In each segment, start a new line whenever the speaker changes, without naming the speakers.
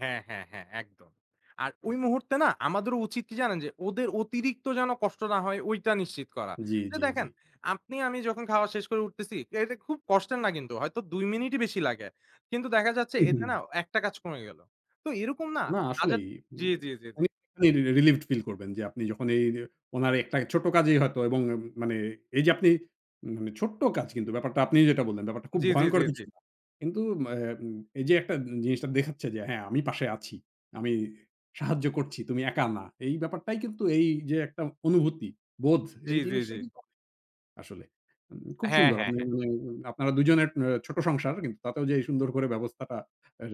হ্যাঁ, হ্যাঁ, হ্যাঁ। একদম আর ওই মুহূর্তে না আমাদেরও উচিত কি জানেন যে, ওদের অতিরিক্ত যেন কষ্ট না হয় ওইটা নিশ্চিত করা।
জ্বি,
তো
জ্বি,
দেখেন,
জ্বি।
আপনি আমি যখন খাওয়া শেষ করে উঠতেছি এটা খুব কষ্টের না কিন্তু হয়তো ২ মিনিটই বেশি লাগে। কিন্তু দেখা যাচ্ছে
উ
এতে না
হুম।
১ টা কাজ কমে গেল। তো এরকম না
না
হাজার
আসলেই
জ্বী,
মানে
জ্বী, জ্বী, জ্বী।
অনেকখানি রি রি রিলিভড ফিল করবেন যে আপনি যখন এই নিয়ে উনার একটা ছোট্ট কাজেই হয়তো এবং এম মানে এইযে আপনি ম মানে ছোট্ট কাজ কিন্তু ব্যাপারটা আপনিও যেটা বললেন ব্যাপারটা খুব
জ্বী, জ্বী, জ্বী,
ভয়ংকর কিছু
জ্বী।
না। কিন্তু অ্যা উম এইযে একটা জিনিসটা দেখাচ্ছে যে হ্যাঁ আমি পাশে আছি। আমি সাহায্য করছি, তুমি একা না। এই ব্যাপারটাই কিন্তু এই যে, একটা অনুভূতি বোধ
জ্বী,
এই
জ্বী,
জিনিসটাই
জ্বী।
কিন্তু [unintelligible] আসলে খুব
হ্যাঁ,
সুন্দর।
হ্যাঁ, হ্যাঁ।
[unintelligible] আপনারা দুজনের এ্যা ছোট সংসার কিন্তু তাতেও যে এই সুন্দর করে ব্যবস্থাটা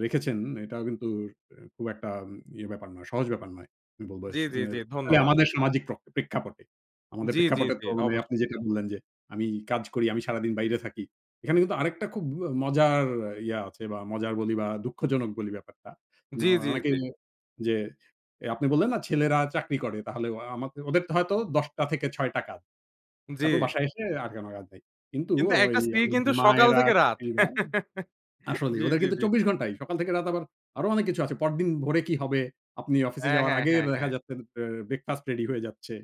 রেখেছেন। এটাও কিন্তু রে খুব একটা ইয়ে ব্যাপার নয়, সহজ ব্যাপার নয়। আমি বলব
জ্বী,
স
জ্বী, জ্বী
এ
ধন্যবাদ।
আমাদের সামাজিক প্র প্রেক্ষাপটে। আমাদের
জ্বী, জ্বী,
প্রেক্ষাপটে
জ্বী,
তো মানে আপনি
অবশ্যই।
যেটা বললেন যে, "আমি কাজ করি, আমি সারাদিন বাইরে থাকি।" এখানে কিন্তু আরেকটা খুব ও মজার ইয়ে আছে বা মজার বলি বা দুঃখজনক বলি ব্যাপারটা। ন
জ্বী, জ্বী,
অনেকেই
জ্বী।
যে এ আপনি বললেন না, "ছেলেরা চাকরি করে তাহলে আমাদে ওদের হয়তো ১০ টা থেকে ৬ টা কাজ।
জ্বী।
তারপর বাসায় এসে আর কোনো কাজ নাই।" কিন্তু ও
কিন্তু
ওই
একটা
আ
স্ত্রীর কিন্তু সকাল
মায়েরা
থেকে রাত।
[unintelligible] আসলেই
জ্বী,
ওদের
জ্বী,
কিন্তু
জ্বী।
২৪ ঘণ্টায় সকাল থেকে রাত আবার আরো অনেক কিছু আছে। পরদিন ভোরে কি হবে? আপনি অফিসে
হ্যাঁ,
যাওয়ার
হ্যাঁ,
আগের
হ্যাঁ,
দেখা
হ্যাঁ।
যাচ্ছে বে ব্রেকফাস্ট রেডি হয়ে যাচ্ছে।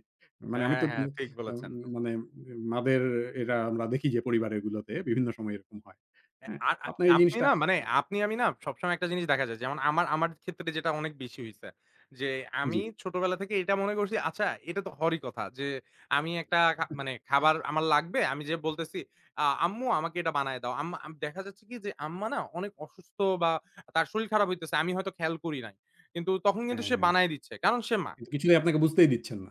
মানে আমি
হ্যাঁ,
তো
হ্যাঁ
বুঝ
ঠিক
আ ওম
বলেছেন।
মানে মাদের এরা আমরা দেখি যে পরিবারেরগুলোতে বিভিন্ন সময় এরকম হয়।
এ্যা
হ্যাঁ?
আর
তো
আ
আপনার এই
আপনি
জিনিসটা
না মানে
[unintelligible]
আপনি আমি না সবসময় একটা জিনিস দেখা যায় যেমন, আমার আমার ক্ষেত্রে যেটা অনেক বেশি হইছে যে, আমি
জ্বি।
ছোটবেলা থেকে এইটা মনে করছি, আচ্ছা এটা তো হওয়ারই কথা যে, আমি একটা খা মানে খাবার আমার লাগবে আমি যেয়ে বলতেছি, "আ আম্মু আমাকে এটা বানাইয়া দাও।" আম্মা আম দেখা যাচ্ছে কি যে, আম্মা না অনেক অসুস্থ বা তার শরীর খারাপ হইতেছে আমি হয়তো খেয়াল করি নাই। কিন্তু তখন কিন্তু
হ্যাঁ,
সে
হ্যাঁ
বানায় দিচ্ছে কারণ সে মা।
কিন্তু কিছুই আপনাকে বুঝতেই দিচ্ছেন না।